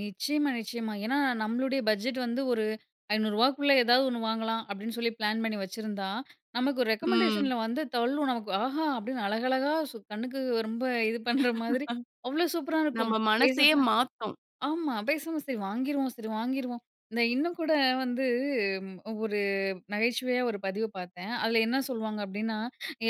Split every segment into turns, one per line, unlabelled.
நிச்சயமா நிச்சயமா. ஏன்னா நம்மளுடைய பட்ஜெட் வந்து ஒரு ரூ.500 க்குள்ள ஏதாவது ஒண்ணு வாங்கலாம் அப்படின்னு சொல்லி பிளான் பண்ணி வச்சிருந்தா, நமக்கு
ம்.
ரெக்கமெண்டேஷன்ல வந்து தள்ளும், நமக்கு. ஆஹா! அப்படின்னு அழகழகா சூ கண்ணுக்கு ரொம்ப இது பண்ணுற மாதிரி அவ்ளோ சூப்பரா
நம்ம
இருக்கும்.
மனசே
பேசாம,
மாத்தும்.
ஆமா பேசாம சரி வாங்கிருவோம் சரி வாங்கிருவோம், இத இன்னும் கூட வந்து ஒரு நகைச்சுவையா ஒரு பதிவு பார்த்தேன், அதில என்ன சொல்லுவாங்க அப்டின்னா,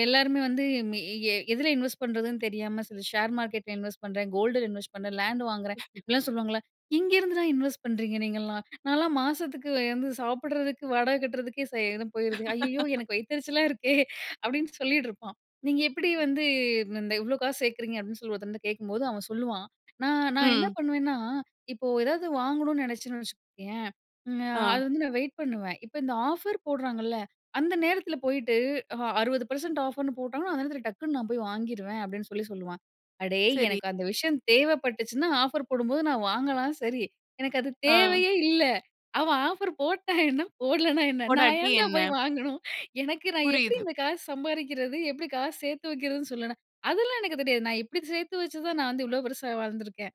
எல்லாருமே வந்து மி எ எதில இன்வெஸ்ட் பண்ணுறதுன்னு தெரியாம, சில ஷேர் மார்க்கெட்டில இன்வெஸ்ட் பண்ணுறேன், கோல்டுல இன்வெஸ்ட் பண்ணுறேன், லேண்ட் வாங்குறேன், அப்படிலாம் சொல்லுவாங்கல்ல, எங்கெருந்து தான் இன்வெஸ்ட் பண்றீங்க நீங்கள்லாம், நான்லாம் மாசத்துக்கு வந்து சாப்பிடறதுக்கு, வாடகை கட்டுறதுக்கே சரியா போயிடுது, ஐயயோ எனக்கு வயிததெரிச்சலா இருக்கே அப்டின்னு சொல்லிட்டு இருப்பா, நீங்க எப்படி வந்து இந்த இவ்ளோ காசு சேர்க்குறீங்க அப்படின்னு சொல்லி ஒருத்தங்கிட்ட கேட்கும்போது அவன் சொல்லுவான், நான் நான் என்ன
ம்.
பண்ண பண்ணுவேன்னா இப்போ ஏதாவது வாங்கணுனு நினைச்சேன்னு வச்சுக்கயே, அது
ஆ.
வந்து நான் வெயிட் பண்ணுவேன், இப்போ இந்த ஆஃபர் போடுறாங்கல்ல அந்த நேரத்தில போயிட்டு 60% ஆஃபர்ன்னு போட்டாங்கன்னா, அந்த நேரத்தில டக்குனு நான் போய் வாங்கிருவேன் அப்படின்னு சொல்லி சொல்லுவான். அடேய்
சரி.
எனக்கு அந்த விஷயம் தேவைப்பட்டுச்சுன்னா ஆஃபர் போடும்போது நான் வாங்கலாம் சரி, எனக்கு அது
ஆங்.
தேவையே இல்ல, அவ ஆஃபர் போட்டா என்ன, போடலன்னா என்ன, நான்
போடாட்டி
ஏன்டா
என்ன?
போய் வாங்கணும், எனக்கு நான் எப்படி
புரியுது.
இந்த காசு சம்பாரிக்கிறது, எப்படி காசு சேர்த்து வைக்கிறதுன்னு சொல்லுனா, அதெல்லாம் எனக்கு தெரியாது நான் இப்படி சேர்த்து வச்சுதான் நான் வந்து இவ்வளோ பெருசா வாழ்ந்துருக்கேன்.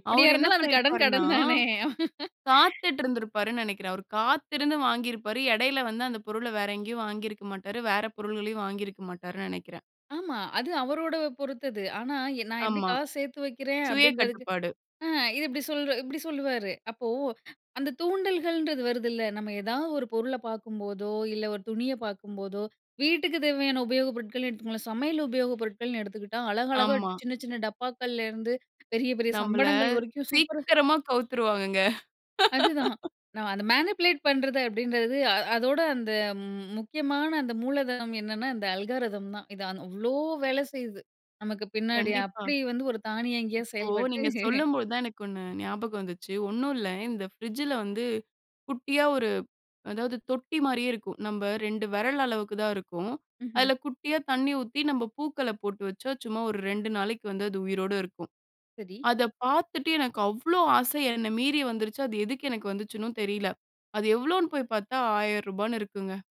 எப்படியா
அவரு என்ன
இருந்தாலும் அது கடன்
பண்ணியிருப்பாருனா?
கடன் தானே.
காத்துட்டுருந்திருப்பாருனு நெனைக்கிறேன். அவரு காத்திருந்து வாங்கியிருப்பாரு. இடையில வந்து அந்த பொருளை வேற எங்கியும் வாங்கியிருக்க மாட்டாரு, வேற பொருள்களையும் வாங்கி இருக்க மாட்டார்னு நெனைக்கிறேன்.
ஆமா அது அவரோட பொறுத்தது, ஆனா எ நான் எப்படி
ஆமா
காசு சேர்த்து வைக்கிறேன்
சுய
அப்டின்றதுக்,
கட்டுப்பாடு.
அ இது இப்படி சொல்ற இப்படி சொல்லுவாரு, அப்போ அந்த தூண்டல்கள்ன்றது வருதுல்ல. நம்ம ஏதாவது ஒரு பொருளை பார்க்கும்போதோ, இல்ல ஒரு துணியை பார்க்கும்போதோ வீட்டுக்கு தேவையான உபயோகப் பொருட்கள் எடுத்துக்கோங்களேன், சமையல் உபயோகப் பொருட்கள்னு எடுத்துக்கிட்டா, அழகழகா
ஆமா.
சின்ன சின்ன டப்பாக்களிலருந்து பெரிய பெரிய
நம்பள
சம்படங்கள் வரைக்கும் சூப்பரா
சீக்கிரமா கவுத்துருவாங்கங்க.
அதுதான். நான் அத மேனிபுலேட் பண்றது அப்படின்றது அ அதோட அந்த முக்கியமான அந்த மூலதனம் என்னென்னா அந்த அல்காரிதம் தான். இது ஆன் அவ்வளோ வேலை செய்யுது, நமக்கு பின்னாடி
கண்டிப்பா.
அப்படி வந்து ஒரு தானியங்கியா
இப்போ
செயல்பட்டு
நீங்க சொல்லும்போது தான் எனக்கு ஒண்ணு ஞாபகம் வந்துச்சு, ஒண்ணும் இல்ல இந்த ஃப்ரிட்ஜில வந்து குட்டியா ஒரு அதாவது தொட்டி மாரியே இருக்கும், நம்ப 2 விரல் அளவுக்கு தான் இருக்கும்,
ம்ஹம்.
அதில குட்டியா தண்ணி ஊத்தி நம்ம பூக்கள போட்டு வச்சா, சும்மா ஒரு 2 நாளைக்கு வந்து அது உயிரோட இருக்கும்,
சரி.
அதை பார்த்துட்டு எனக்கு அவ்வளோ ஆசை என்னை மீறி வந்துருச்சு, அது எதுக்கு எனக்கு வந்துச்சுன்னும் தெரியல, அது எவ்வளோன்னு போய் பார்த்தா ரூ. 1000 ன்னு இருக்குங்க.